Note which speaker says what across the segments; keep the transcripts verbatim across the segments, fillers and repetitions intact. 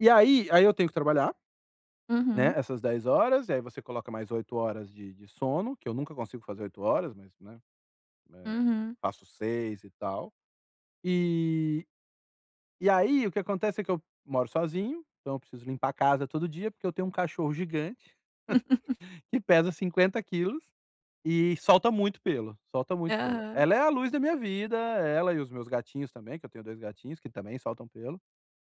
Speaker 1: E aí aí eu tenho que trabalhar, né,
Speaker 2: Uhum.
Speaker 1: essas dez horas. Aí você coloca mais oito horas de de sono. Que eu nunca consigo fazer oito horas, mas, né, eh,
Speaker 2: Uhum.
Speaker 1: faço seis e tal. E e aí, o que acontece é que eu moro sozinho. Então eu preciso limpar a casa todo dia, porque eu tenho um cachorro gigante, que pesa cinquenta quilos e solta muito pelo, solta muito pelo.
Speaker 2: Aham.
Speaker 1: Ela é a luz da minha vida. Ela e os meus gatinhos também, que eu tenho dois gatinhos, que também soltam pelo.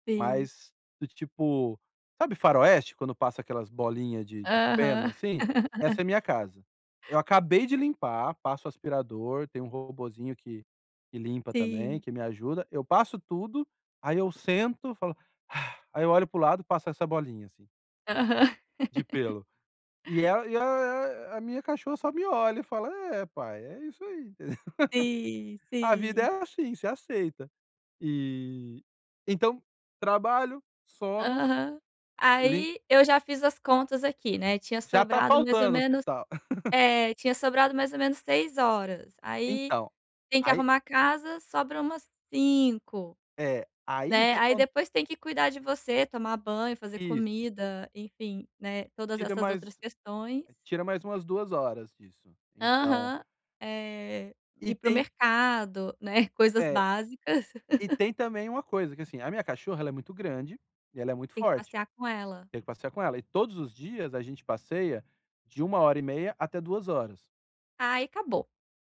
Speaker 2: Sim.
Speaker 1: Mas do tipo, sabe faroeste, quando passa aquelas bolinhas de de feno,
Speaker 2: Aham.
Speaker 1: assim? Essa é a minha casa. Eu acabei de limpar. Passo o aspirador. Tem um robozinho que que limpa também,
Speaker 2: Sim.
Speaker 1: que me ajuda. Eu passo tudo. Aí eu sento e falo: Aí eu olho pro lado e passa essa bolinha, assim
Speaker 2: Aham.
Speaker 1: de pelo. E a a a a minha cachorra só me olha e fala: “É, pai. É isso aí.
Speaker 2: Sim,
Speaker 1: A vida
Speaker 2: sim.
Speaker 1: é assim. Você aceit” E, então, trabalho, sono,
Speaker 2: Aham.
Speaker 1: li
Speaker 2: Aí eu já fiz as contas aqui, né. Tinha
Speaker 1: Já tá
Speaker 2: sobrado mais ou
Speaker 1: faltando
Speaker 2: menos
Speaker 1: hospital.
Speaker 2: É, tinha sobrado mais ou menos seis horas. Aí
Speaker 1: Então,
Speaker 2: tem que
Speaker 1: aí
Speaker 2: arrumar a casa. Sobra umas cinco,
Speaker 1: É, aí o
Speaker 2: né.
Speaker 1: que
Speaker 2: Aí
Speaker 1: acon
Speaker 2: depois tem que cuidar de você, tomar banho, fazer
Speaker 1: Isso.
Speaker 2: comida. Enfim, né, todas
Speaker 1: Tira
Speaker 2: essas outras
Speaker 1: mais
Speaker 2: questões.
Speaker 1: tira mais umas duas horas disso, então
Speaker 2: Aham, eh,
Speaker 1: E
Speaker 2: ir para o
Speaker 1: tem
Speaker 2: mercado, né. Coisas
Speaker 1: É,
Speaker 2: básicas.
Speaker 1: e tem também uma coisa, que é assim: a minha cachorra ela é muito grande e ela é muito
Speaker 2: Tem que
Speaker 1: forte.
Speaker 2: passear com ela.
Speaker 1: Tenho que passear com ela. E todos os dias a gente passeia de uma hora e meia até duas horas.
Speaker 2: Aí, acabou.